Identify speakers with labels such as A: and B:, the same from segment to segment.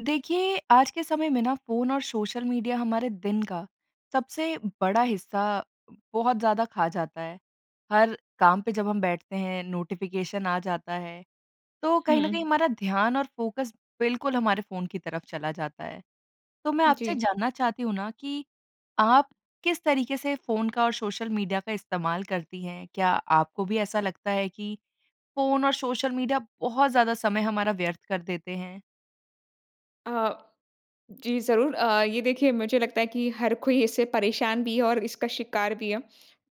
A: देखिए, आज के समय में ना फ़ोन और सोशल मीडिया हमारे दिन का सबसे बड़ा हिस्सा बहुत ज़्यादा खा जाता है। हर काम पे जब हम बैठते हैं, नोटिफिकेशन आ जाता है, तो कहीं न कहीं
B: हुँ।
A: हमारा ध्यान और फ़ोकस बिल्कुल हमारे फ़ोन की तरफ चला जाता है। तो मैं आपसे
B: जी।
A: जानना चाहती हूँ ना कि आप किस तरीके से फ़ोन का और सोशल मीडिया का इस्तेमाल करती हैं? क्या आपको भी ऐसा लगता है कि फ़ोन और सोशल मीडिया बहुत ज़्यादा समय हमारा व्यर्थ कर देते हैं?
B: अ, जी ज़रूर। अ, ये देखिए मुझे लगता है कि हर कोई इससे परेशान भी है और इसका शिकार भी है।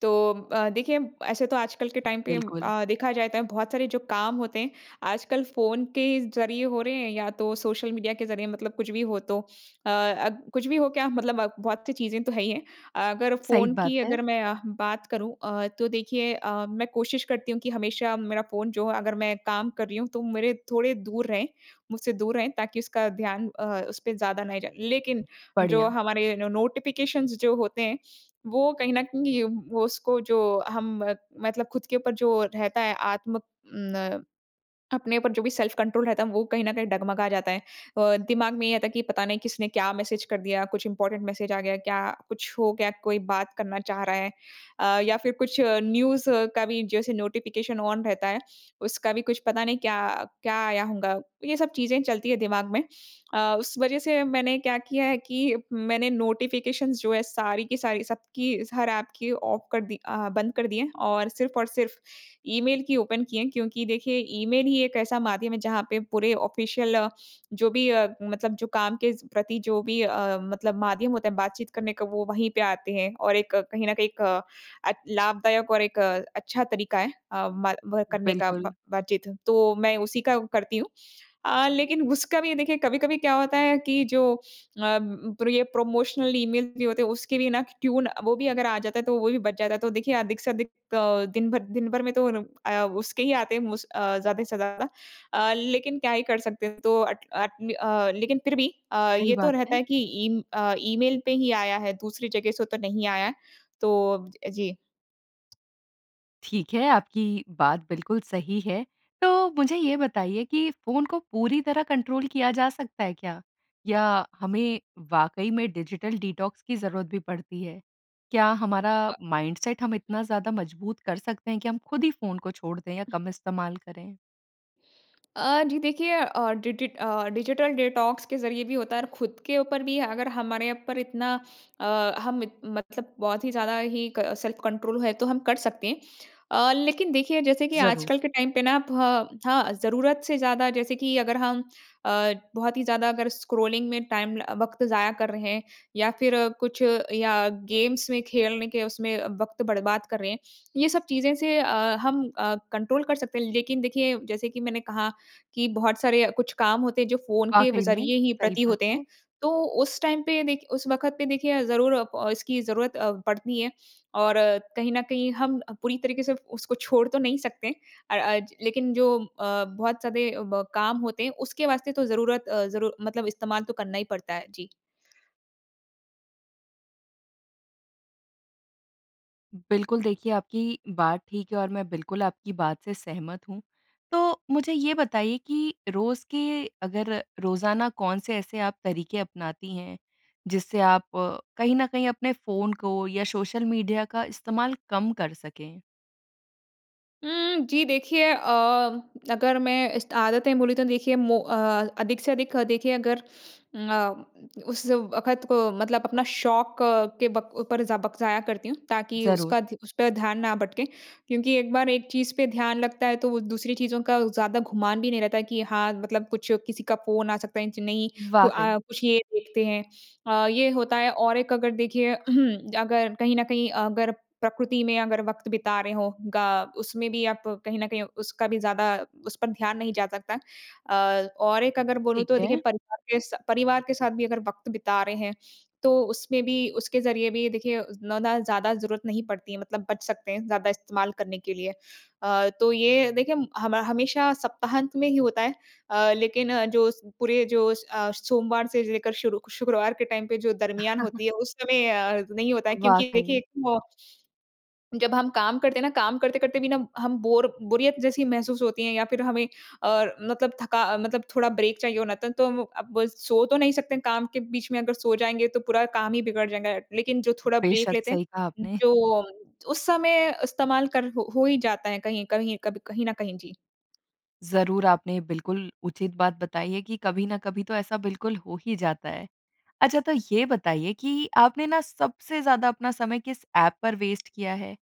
B: तो अ, देखिए ऐसे तो आजकल के टाइम पे
A: बिल्कुल।
B: अ, देखा जाए त बहुत सारे जो काम होते हैं, आजकल फ़ोन के ज़रिए हो रहे हैं या तो सोशल मीडिया के ज़रिए, मतलब कुछ भी हो तो। अ, अब कुछ भी हो क्या, मतलब बहुत-सी चीज़ें तो है ही है। अगर
A: सही
B: फ़ोन
A: बात
B: की अगर
A: है।
B: मैं अ, बात करूँ अ, तो देखिए अ, मैं कोशिश करती हूँ कि हमेशा मेरा फ़ोन जो अगर मैं काम कर रही हूँ तो मेरे थोड़े दूर रहें, मुझसे दूर रहें ताकि उसका ध्यान अ, उसपे ज़्यादा नहीं जाए। लेकिन, जो
A: बढ़िया।
B: हमारे नो नोटिफिकेशन्स जो होते हैं, वो कहीं न कहीं वो उसको जो हम मत मतलब खुद के ऊपर जो रहता है आत्म उम, न अपने ऊपर जो भी सेल्फ़ कंट्रोल रहता है, वो कहीं न कहीं डगमगा जाता है। अ, दिमाग में ये आता है कि पता नहीं किसने क्या मैसेज कर दिया, कुछ इंपोरटेंट मैसेज आ गया क्या, कुछ हो गया, कोई बात करना चाह रहा है। अ, या फिर कुछ न्यूज़ का भी जैसे नोटिफिकेशन ऑन रहता है, उसका भी कुछ पता नहीं क्या अ, क्या आया होगा, तो ये सब चीज़ें चलती हैं दिमाग में। अ, उस वजह से मैंने क्या किया है कि मैंने नोटिफिकेशन्स जो हैं सारी की सारी, सबकी स हर ऐप की, ऑफ कर दी अ, बंद कर दी हैं, और सिर्फ़ और सिर्फ़ ईमेल की ओपन की हैं क्योंकि देखिए, ईमेल ही एक ऐसा माध्यम है जहाँ पे पूरे ऑफिशियल जो भी अ, मतलब जो काम के स प्रति जो भी अ, मतलब माध्यम होता है बातचीत करने का, वो वहीं पे आते हैं, और एक कहीं न कहीं एक अ, अच लाभदायक और एक अच्छा तरीका है अ, मा वह करने का, ब
A: बिल्कुल।
B: बातचीत। तो मैं उसी का व करती हूँ। अ, लेकिन उसका भी ये देखिए कभी-कभी क्या होता है कि जो अ, प्र ये प्रमोशनल ईमेल भी होते हैं, उसके लिए ना क टियून वो भी अगर आ जाता है, तो वो भी बच जाता है। तो देखिए, अधिक से अधिक दिन भर दिन भर में तो उन उ अ, उसके ही आते हैं मोस्ट अ, ज़्यादा से ज़्यादा। अ, लेकिन क्या ही कर सकते हैं, तो अट अट अ, लेकिन फिर भी अ,
A: सही
B: ये तो
A: बात
B: रहता
A: है।
B: है कि ईम अ, ईमेल पे ही आया है, दूसरी जगह से तो नहीं आया। तो अब अ, जी।
A: ठीक है, आपकी बात बिल्कुल सही है। तो मुझे ये बताइए कि फ़ोन को पूरी तरह कंट्रोल किया जा सकता है क्या? या हमें वाक़ई में डिजिटल डिटॉक्स की ज़रूरत भी पड़ती है? क्या हमारा
B: अ
A: माइंडसेट हम इतना ज़्यादा मजबूत कर सकते हैं? कि हम खुद ही फ़ोन को छोड़ दें या कम इस्तेमाल करें?
B: अ, जी देखिए अ, डी डी ट अ, डिजिटल डिटॉक्स के ज़रिए भी होता है और खुद के ऊपर भी अगर हमारे ऊपर इतना अ, हम इत मतलब बहुत ही ज़्यादा ही क सेल्फ कंट्रोल है तो हम कर सकते हैं। अ, लेकिन देखिए जैसे कि
A: ज़रूर।
B: आजकल के टाइम पे ना फ हाँ, ज़रूरत से ज़्यादा जैसे कि अगर हम अ, बहुत ही ज़्यादा अगर स्क्रॉलिंग में टाइम ल अ, वक़्त ज़ाया कर रहे हैं या फिर कुछ या गेम्स में खेलने के उसमें वक़्त बर्बाद कर रहे हैं। ये सब चीज़ें से अ, हम अ, कंट्रोल कर सकते हैं, लेकिन देखिए जैसे कि मैंने कहा, कि बहुत सारे कुछ काम होते हैं, जो फ़ोन के व
A: वाक़ई में,
B: ज़रिए ही
A: सही
B: प्रति
A: बात
B: होते
A: है।
B: हैं। तो उस टाइम पे देख उस वक़्त पे देखिए ज़रूर अ, प इसकी ज़रूरत अ, पड़ती हैं। और कहीं न कहीं हम अ, पूरी तरीके से उसको छोड़ तो नहीं सकते। अ अ, ज लेकिन जो अ, बहुत ज़्यादें ब काम होते हैं उसके वास्ते तो ज़रूरत अ, ज़रूर मतलब इस्तेमाल तो करना ही पड़ता है जी।
A: बिल्कुल, देखिए, आपकी बात ठीक है और मैं बिल्कुल आपकी बात से सहमत हूँ, तो मुझे ये बताइए कि रोज़ के अगर रोज़ाना कौन से ऐसे आप तरीके अपनाती हैं, जिससे आप कहीं न कहीं अपने फ़ोन को या सोशल मीडिया का इस्तेमाल कम कर सकें?
B: हुँ। जी, देखिए अ, अगर मैं इस त आदतें बोलूँ, तो देखिए मो अ, अधिक से अधिक देखिए अगर अ, उस वक़्त को मतलब अपना शौक के बक ऊपर ज़ वक़्त ज़ाया करती हूँ। ताकि
A: ज़रूर।
B: उसका ध उस पे ध्यान ना भटके क्योंकि एक बार एक चीज़ पे ध्यान लगता है, तो वो दूसरी चीज़ों का ज़्यादा गुमान भी नहीं रहता है, कि हाँ, मतलब कुछ किसी का फ़ोन आ सकता है, इंच नहीं, को
A: वाक़ई।
B: अ, कुछ ये देखते हैं। अ, ये होता है और एक अगर देखिए अगर कहीं न कहीं, अगर प्रकृति में अगर वक़्त बिता रहे हो, ग उसमें भी आप कहीं न कहीं उसका भी ज़्यादा उस पर ध्यान नहीं जा सकता अ, और एक अगर बोलूँ,
A: ठीक
B: तो देखिए
A: है।
B: परिवार के स परिवार के साथ भी अगर वक़्त बिता रहे हैं, तो उसमें भी उसके ज़रिए भी देखिए उतना दा ज़्यादा ज़रूरत नहीं पड़ती है, मतलब बच सकते हैं, ज़्यादा इस्तेमाल करने के लिए। अ, तो ये देखिए हम हमा हमेशा सप्ताहांत में ही होता है। अ, लेकिन जो स पूरे जो स अ, सोमवार से लेकर शुरूक शुक्रवार के टाइम पे जो दरमियान होती है, उस समय अ, नहीं होता है क्योंकि
A: वाक़ई।
B: देखिए, म जब हम काम करते हैं ना, काम करते-करते भी ना हम बोर बोरियत जैसी महसूस होती है या फिर हमें अ, मतलब थका मतलब थोड़ा ब्रेक चाहिए होना था, तो अब सो तो नहीं सकते हैं। काम के बीच में अगर सो जाएँगे, तो पूरा काम ही बिगड़ जाएगा, लेकिन जो थोड़ा ब्रेक
A: बेशक,
B: लेते
A: सही कहा
B: हैं,
A: आपने।
B: जो उस समय इस्तेमाल कर हो हो ही जाता है कहीं कहीं कभी कहीं न कहीं। जी।
A: ज़रूर, आपने बिल्कुल उचित बात बताई है कि कभी ना कभी तो ऐसा बिल्कुल हो ही जाता है। अच्छा तो ये बताइए कि आपने ना सबसे ज़्यादा अपना समय किस ऐप पर वेस्ट किया है?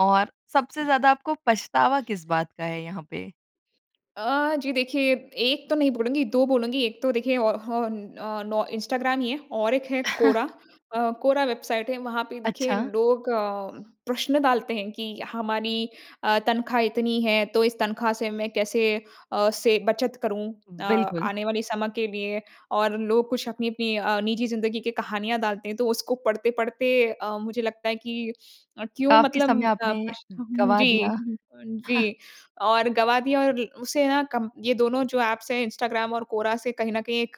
A: और सबसे ज़्यादा आपको पछतावा किस बात का है यहाँ पे?
B: अ, जी देखिए, 1 तो नहीं बोलूँगी 2 बोलूँगी। एक तो देखिए औ हौन औ नौ इंस्टाग्राम ही है और एक है क्वोरा, अ, क्वोरा वेबसाइट है, वहाँ पे देखिए
A: अच्छा।
B: लोग अ, प्रश्न डालते हैं कि हमारी अ, तनख्वाह इतनी है, तो इस तनख्वाह से मैं कैसे अ, से बचत करूँ अ,
A: बिल्कुल।
B: आने वाले समय के लिए? और लोग कुछ अपनी-अपनी अ, निजी ज़िंदगी की कहानियाँ डालते हैं, तो उसको पढ़ते-पढ़ते अ, मुझे लगता है कि अ, क्यों
A: काफ़ी
B: मतलब
A: समय
B: अ,
A: आपने
B: पशठम
A: गवा
B: जी
A: दिया।
B: अ, जी। और गवा दिया और उसे ना कम ये दोनों जो ऐप्स है इंस्टाग्राम और क्वोरा से कहीं न कहीं एक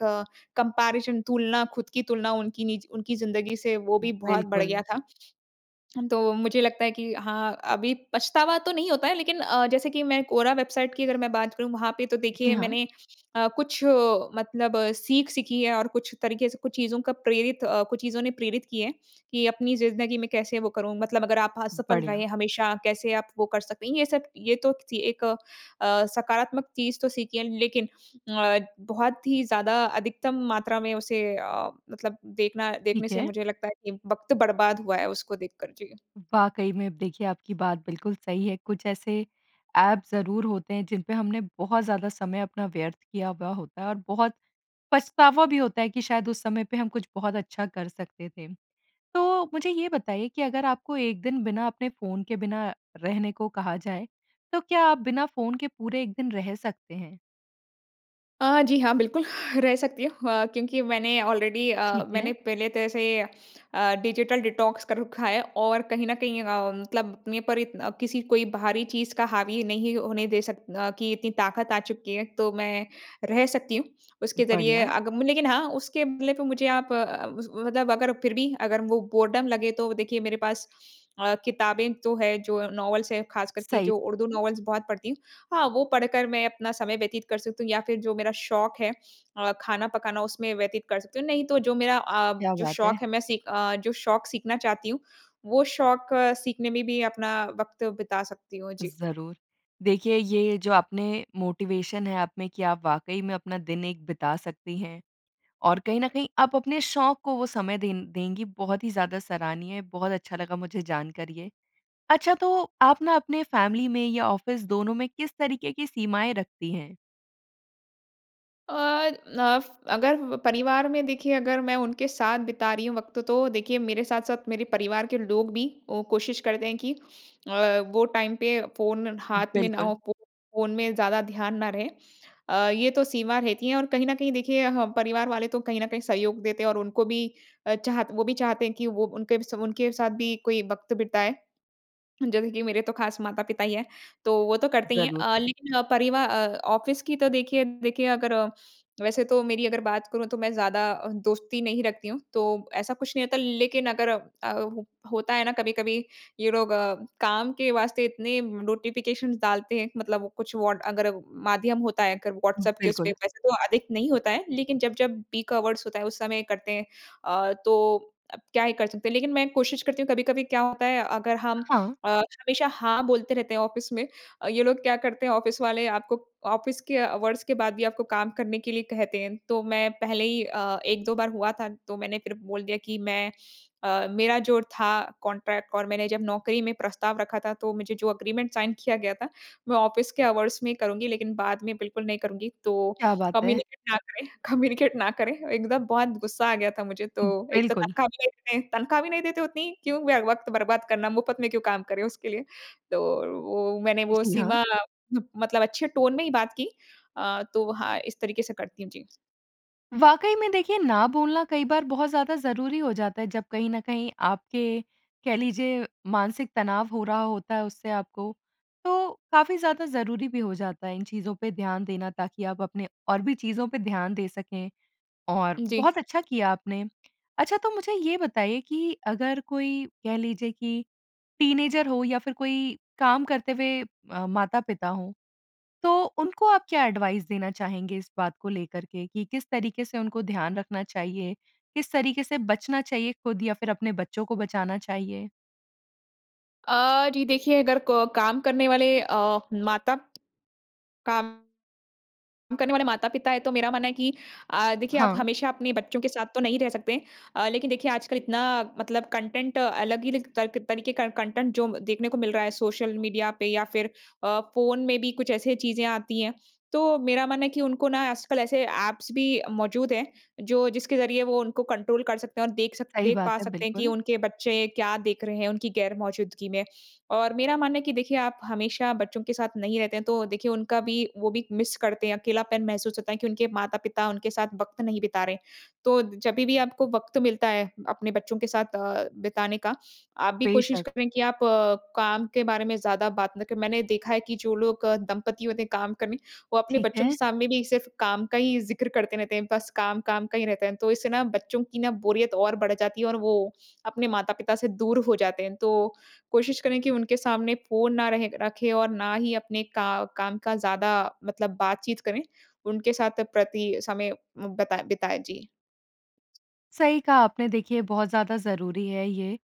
B: कम्पैरिसन तुलना, खुद की तुलना, उनकी निजी उनकी ज़िंदगी से वो भी बहुत बढ़ गया
A: बिल्कुल।
B: था। तो मुझे लगता है कि हाँ, अभी पछतावा तो नहीं होता है लेकिन अ, जैसे कि मैं क्वोरा वेबसाइट की अगर मैं बात करूँ, वहाँ पे तो
A: जी
B: देखिए
A: हाँ।
B: मैंने अ, कुछ मतलब सीख सीखी है और कुछ तरीके से कुछ चीज़ों का प्रेरित अ, कुछ चीज़ों ने प्रेरित की है। कि अपनी ज़िंदगी में कैसे वो करूँ, मतलब अगर आप असफल
A: बढ़िया।
B: रहें हमेशा कैसे आप वो कर सकते हैं? ये सब ये तो किसी एक अ, सकारात्मक चीज़ तो सीखी है, लेकिन अ, बहुत ही ज़्यादा अधिकतम मात्रा में उसे अ, मतलब देखना देखने
A: ठीक
B: से
A: है।
B: मुझे लगता है कि वक़्त बर्बाद हुआ है उसको देखकर। जी।
A: वाक़ई में अब देखिए आपकी बात बिल्कुल सही है। कुछ ऐसे ऐप ज़रूर होते हैं जिन पे हमने बहुत ज़्यादा समय अपना व्यर्थ किया हुआ होता है और बहुत पछतावा भी होता है कि शायद उस समय पे हम कुछ बहुत अच्छा कर सकते थे। तो मुझे ये बताइए कि अगर आपको 1 दिन बिना अपने फ़ोन के बिना रहने को कहा जाए, तो क्या आप बिना फ़ोन के पूरे 1 दिन रह सकते हैं?
B: अ, जी हाँ, बिल्कुल, रह सकती हूँ अ, क्योंकि मैंने ऑलरेडी अ,
A: ठीक
B: मैंने
A: है।
B: पहले तरह से अ, डिजिटल डिटॉक्स कर रखा है और कहीं न कहीं अम, मतलब अपने पर इतन अ, किसी कोई बाहरी चीज़ का हावी नहीं होने दे सक अ, कि इतनी ताकत आ चुकी है, तो मैं रह सकती हूँ। उसके ज़रिए
A: बढ़िया।
B: अग लेकिन हाँ, उसके बदले पे मुझे आप अ, मतलब अगर फिर भी अगर वो बोरडम लगे, तो देखिए, मेरे पास अ, किताबें तो हैं, जो नॉवेल्स हैं, खासकर कि
A: सही
B: जो उर्दू
A: है।
B: नॉवेल्स बहुत पढ़ती हूँ। हाँ, वो पढ़ कर मैं अपना समय व्यतीत कर सकती हूँ या फिर जो मेरा शौक है अ, खाना पकाना, उसमें व्यतीत कर सकती हूँ। नहीं, तो जो मेरा अ,
A: क्या
B: जो
A: बात है।
B: शौक है, मैं सीख अ, जो शौक सीखना चाहती हूँ, वो शौक सीखने में भी अपना वक़्त बिता सकती हूँ। जी।
A: ज़रूर। देखिए, ये जो आपने मोटिवेशन है, आपने कि आप वाक़ई में अपना दिन एक बिता सकती हैं और कहीं न कहीं आप अपने शौक को वो समय दें देंगी। बहुत ही ज़्यादा सराहनीय, बहुत अच्छा लगा मुझे जानकर ये। अच्छा, तो आप ना अपने फ़ैमिली में या ऑफ़िस, दोनों में किस तरीके की सीमाएँ रखती हैं?
B: अ, नफ अगर परिवार में देखिए अगर मैं उनके साथ बिता रही हूँ वक़्त तो देखिए मेरे साथ-साथ मेरे परिवार के लोग भी कोशिश करते हैं कि अ, वो टाइम पे फ़ोन हाथ में ना
A: बिल्कुल।
B: हो, फ़ोन में ज़्यादा ध्यान ना रहे। अ, ये तो सीमा रहती है और कहीं न कहीं देखिए परिवार वाले तो कहीं न कहीं सहयोग देते हैं और उनको भी चाहत वो भी चाहते हैं कि वो उनके सब उनके साथ भी कोई वक़्त बिताए। जैसे कि मेरे तो खास माता-पिता ही है, तो वो तो करते ही हैं।
A: ज़रूर।
B: अ, लेकिन परिवा अ, ऑफिस की तो देखिए देखिए अगर वैसे तो मेरी अगर बात करूँ तो मैं ज़्यादा दोस्ती नहीं रखती हूँ। तो ऐसा कुछ नहीं होता लेकिन अगर अ, होता है ना कभी-कभी ये लोग काम के वास्ते इतने नोटिफिकेशन डालते हैं, मतलब कुछ वोड अगर माध्यम होता है, अगर व्हाट्सऐप के उसपे।
A: बिल्कुल।
B: वैसे तो अधिक नहीं होता है लेकिन जब जब पीक आवर्स होता है उस समय करते हैं। अ, तो क्या ही कर सकते हैं। लेकिन मैं कोशिश करती हूँ कभी-कभी क्या होता है अगर हम
A: हाँ।
B: अ, हमेशा हाँ, बोलते रहते हैं ऑफिस में, ये लोग क्या करते हैं ऑफिस वाले आपको ऑफिस के अवर्स के बाद भी आपको काम करने के लिए कहते हैं। तो मैं पहले ही अ, 1-2 बार हुआ था। तो मैंने फिर बोल दिया कि मैं अ, मेरा जो था कॉन्ट्रैक्ट और मैंने जब नौकरी में प्रस्ताव रखा था तो मुझे जो एग्रीमेंट साइन किया गया था मैं ऑफिस के आवर्स में ही करूँगी लेकिन बाद में बिल्कुल नहीं करूँगी। तो
A: क्या बात है!
B: कम्युनिकेट ना करें कम्युनिकेट ना करें। एकदम बहुत गुस्सा आ गया था मुझे तो। एक तो
A: बिल्कुल।
B: तनख़्वाह अभी तक नहीं तनख़्वाह भी नहीं देते उतनी, क्यों वक़्त बर्बाद करना, मुफ़्त में क्यों काम करें उसके लिए। तो वो मैंने वो
A: जी, हाँ।
B: सीमा मतलब अच्छे टोन में ही बात की। अ, तो हाँ, इस तरीके से करती हूँ। जी।
A: वाक़ई में देखिए, ना बोलना कई बार बहुत ज़्यादा ज़रूरी हो जाता है जब कहीं न कहीं आपके, कह लीजिए मानसिक तनाव हो रहा होता है उससे आपको। तो काफ़ी ज़्यादा ज़रूरी भी हो जाता है इन चीज़ों पे ध्यान देना ताकि आप अपने और भी चीज़ों पे ध्यान दे सकें। और
B: जी।
A: बहुत अच्छा किया आपने। अच्छा तो मुझे ये बताइए कि अगर कोई, कह लीजिए कि टीनएजर हो या फिर कोई काम करते हुए अ, माता-पिता हों, तो उनको आप क्या एडवाइस देना चाहेंगे इस बात को लेकर के कि किस तरीके से उनको ध्यान रखना चाहिए, किस तरीके से बचना चाहिए खुद या फिर अपने बच्चों को बचाना चाहिए?
B: अ, जी, देखिए अगर को काम करने वाले अ, माता काम करने वाले माता-पिता है, तो मेरा मानना है कि अ, देखिए आप
A: हाँ।
B: हमेशा अपने बच्चों के साथ तो नहीं रह सकते। अ, लेकिन देखिए आजकल इतना मतलब कंटेंट अलग ही लिक तल्क तरीके का कंटेंट जो देखने को मिल रहा है सोशल मीडिया पे या फिर अ, फ़ोन में भी कुछ ऐसे चीज़ें आती हैं। तो मेरा मानना है कि उनको ना आजकल ऐसे ऐप्स भी मौजूद हैं जो जिसके ज़रिये वो उनको कंट्रोल कर सकते हैं, और देख सक
A: सही
B: देख पा
A: बात है,
B: सकते हैं कि
A: बिल्कुल।
B: उनके बच्चे क्या देख रहे हैं उनकी ग़ैर-मौजूदगी में। और मेरा मानना है कि देखिए, आप हमेशा बच्चों के साथ नहीं रहते हैं, तो देखिए उनका भी वो भी मिस करते हैं, अकेलापन महसूस होता है कि उनके माता-पिता उनके साथ वक़्त नहीं बिता रहे। तो जब भी आपको वक़्त मिलता है अपने बच्चों के साथ अ, बिताने का, आप भी कोशिश
A: बेशक़।
B: करें कि आप काम के बारे में ज़्यादा बात ना क मैंने देखा है कि जो लोग दंपति होते हैं काम करने, वो अपने
A: ठीक
B: बच्चों के
A: है।
B: सामने भी सिर्फ़ काम का ही ज़िक्र करते रहते हैं, बस काम-काम का ही रहता है। तो इससे ना बच्चों की ना बोरियत और बढ़ जाती है और वो अपने माता-पिता से दूर हो जाते हैं। तो कोशिश करें कि उनके सामने फ़ोन ना रहे रखें और ना ही अपने का काम का ज़्यादा मतलब बातचीत करें। उनके साथ प्रति समय बताएँ बिताएँ। जी।
A: सही कहा आपने, देखिए बहुत ज़्यादा ज़रूरी है ये।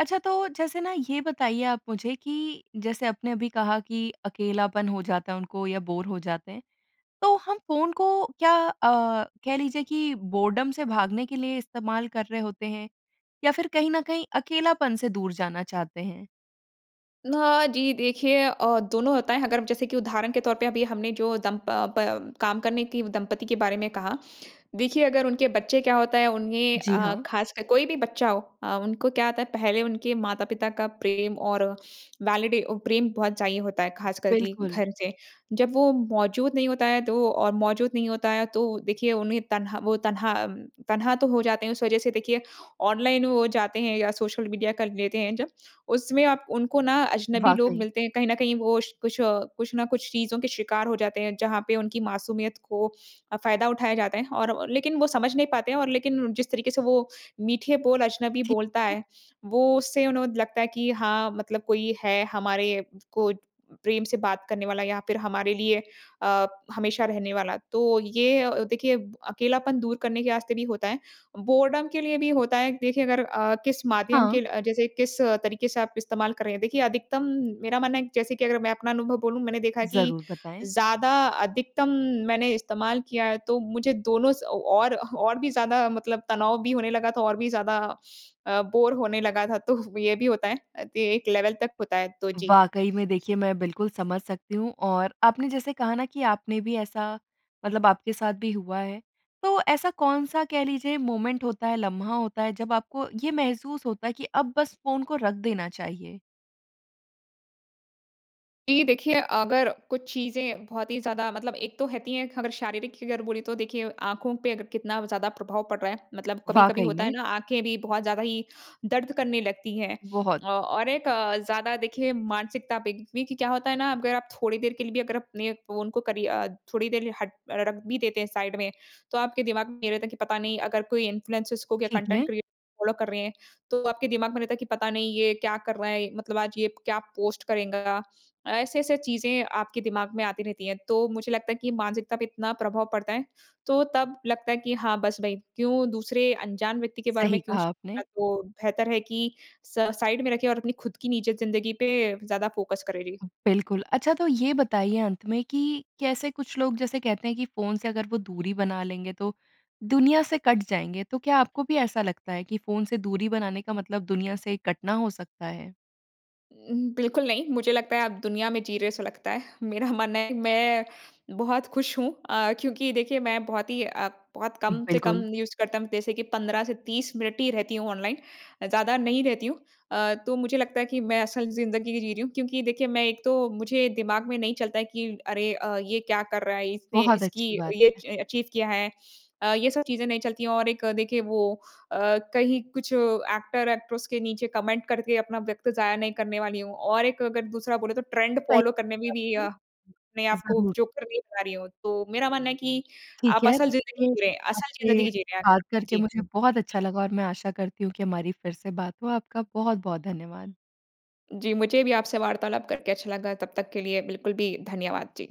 A: अच्छा तो जैसे ना ये बताइए आप मुझे कि, जैसे आपने अभी कहा कि अकेलापन हो जाता है उनको या बोर हो जाते हैं, तो हम फ़ोन को क्या अ, कह लीजिए कि बोरडम से भागने के लिए इस्तेमाल कर रहे होते हैं, या फिर कहीं न कहीं अकेलापन से दूर जाना चाहते हैं?
B: हाँ जी। देखिए अ, दोनों होता है अगर अब जैसे कि उदाहरण के तौर पे अभी हमने जो दंप प प काम करने की दंपत्ति के बारे में कहा देखिए, अगर उनके बच्चे क्या होता है उन्हें
A: जी
B: अ,
A: हाँ।
B: ख़ासकर कोई भी बच्चा हो अ, उनको क्या होता है, पहले उनके माता-पिता का प्रेम और वैलिडी ओ प्रेम बहुत चाहिए होता है, ख़ासकर के
A: बिल्कुल।
B: घर से, जब वो मौज़ूद नहीं होता है तो और मौज़ूद नहीं होता है, तो देखिए, उन्हें तन्हा वो तन्हा, तन्हा तो हो जाते हैं। उस वज़ह से देखिए, ऑनलाइन वो जाते हैं या सोशल मीडिया कर लेते हैं जब, उसमें आप उनको ना अजनबी लोग
A: वाक़ई।
B: मिलते हैं। कहीं न कहीं वो स कुछ, कुछ ना कुछ चीज़ों के शिकार हो जाते हैं, जहाँ पे उनकी मासूमियत को अ, फ़ायदा उठाया जाता है। और और लेकिन वो समझ नहीं पाते हैं और लेकिन जिस तरीके से वो मीठे बोल अजनबी बोलता
A: ठीक।
B: है, वो उससे उन्हें लगता है कि हाँ, मतलब कोई है हमारे को प्रेम से बात करने वाला या फिर हमारे लिए अ, हमेशा रहने वाला है। तो ये अ, देखिए अकेलापन दूर करने के रास्ते भी होता है। बोरडम के लिए भी होता है देखिए अगर अ, किस माध्यम
A: हाँ।
B: के ल जैसे किस तरीके से आप इस्तेमाल कर रहे हैं। देखिए, अधिकतम मेरा मानना है जैसे कि अगर मैं अपना अनुभव बोलूँ, मैंने देखा कि
A: ज़रूर, बताएँ।
B: ज़्यादा अधिकतम मैंने इस्तेमाल किया है, तो मुझे दोनों स औ और और भी ज़्यादा मतलब तनाव भी होने लगा था और भी ज़्यादा अ, बोर होने लगा था। तो ये भी होता है। त एक लेवल तक होता है। तो, जी।
A: वाक़ई में देखिए, मैं बिल्कुल समझ सकती हूँ और आपने जैसे कहा ना कि आपने भी ऐसा मतलब आपके साथ भी हुआ है, तो ऐसा कौन-सा कह लीजिए मोमेंट होता है, लम्हा होता है जब आपको ये महसूस होता है, कि अब बस फ़ोन को रख देना चाहिए?
B: जी, देखिए, अगर कुछ चीज़ें बहुत ही ज़्यादा मतलब एक तो रहती हैं अगर शारीरिक की अगर बोले तो देखिए आँखों पे अगर कितना ज़्यादा प्रभाव पड़ रहा है। मतलब कभी-कभी
A: वाक़ई
B: होता है
A: में।
B: ना, आँखें भी बहुत ज़्यादा ही दर्द करने लगती है।
A: बहुत।
B: अ, और एक ज़्यादा देखिए मानसिकता पे देखिए क्या होता है ना? अगर आप थोड़ी देर के लिए भी अगर अपने फ़ोन को करी अ, थोड़ी देर हट अ, रख भी देते हैं साइड में। तो आपके दिमाग में ये रहता है, कि पता नहीं अगर कोई इन्फ्लुएंसेज़ को क्या
A: ठीक है।
B: कंटेंट क्रिएटर फॉलो कर रहे हैं। तो आपके दिमाग में रहता है कि पता नहीं ये क्या कर रहा है? मतलब आज ये प क्या पोस्ट करेगा? ऐसे-ऐसे चीज़ें आपके दिमाग में आती रहती हैं। तो मुझे लगता है कि मानसिकता पे इतना प्रभाव पड़ता है तो, तब लगता है कि हाँ बस भई, क्यों दूसरे अनजान व्यक्ति के बारे में
A: सही
B: क्यों
A: कहा
B: सोचना है?
A: आपने।
B: तो बेहतर है कि स साइड में रखें और अपनी खुद की निजी ज़िंदगी पे ज़्यादा फ़ोकस करें। जी।
A: बिल्कुल। अच्छा तो ये बताइए अंत में कि कैसे कुछ लोग जैसे कहते हैं, कि फ़ोन से अगर वो दूरी बना लेंगे तो दुनिया से कट जाएँगे। तो क्या आपको भी ऐसा लगता है, कि फ़ोन से दूरी बनाने का मतलब दुनिया से कटना हो सकता है?
B: उम, बिल्कुल नहीं। मुझे लगता है आप दुनिया में जी रहे है ऐसा लगता है। मेरा मानना है कि मैं बहुत खुश हूँ। अ, क्योंकि देखिए मैं बहुत ही अ, बहुत कम से कम
A: बिल्कुल।
B: यूज़ करता हूँ। जैसे कि 15 से 30 मिनट ही रहती हूँ ऑनलाइन अ, ज़्यादा नहीं रहती हूँ। अ, तो मुझे लगता है कि मैं असल ज़िंदगी जी रही हूँ। क्योंकि देखिए, मैं एक तो मुझे दिमाग में नहीं चलता है कि अरे अ, ये क्या कर रहा है? इसने
A: बहुत
B: इसकी
A: अच्छी बात
B: ये
A: है।
B: च अचीव किया है। अ, ये सब चीज़ें नहीं चलती हैं और एक देखिए वो अ, कहीं कुछ एक्टर, एक्ट्रेस के नीचे कमेंट करके अपना वक़्त ज़ाया नहीं करने वाली हूँ। और एक अगर दूसरा बोले तो ट्रेंड
A: सही
B: फॉलो करने में भी
A: बात
B: अ, अपने
A: है।
B: आपको
A: ज़रूर।
B: जो कर नहीं पा रही हूँ। तो मेरा मानना है कि
A: ठीक
B: आप
A: है।
B: असल ज़िंदगी
A: देखिए,
B: जी रहे हैं। असल
A: आपसे
B: ज़िंदगी जी रहे हैं।
A: बात करके
B: जी।
A: मुझे बहुत अच्छा लगा और मैं आशा करती हूँ कि हमारी फिर से बात हो। आपका बहुत-बहुत धन्यवाद।
B: जी। मुझे भी आपसे वार्तालाप करके अच्छा लगा। तब तक के लिए बिल्कुल भी धन्यवाद, जी।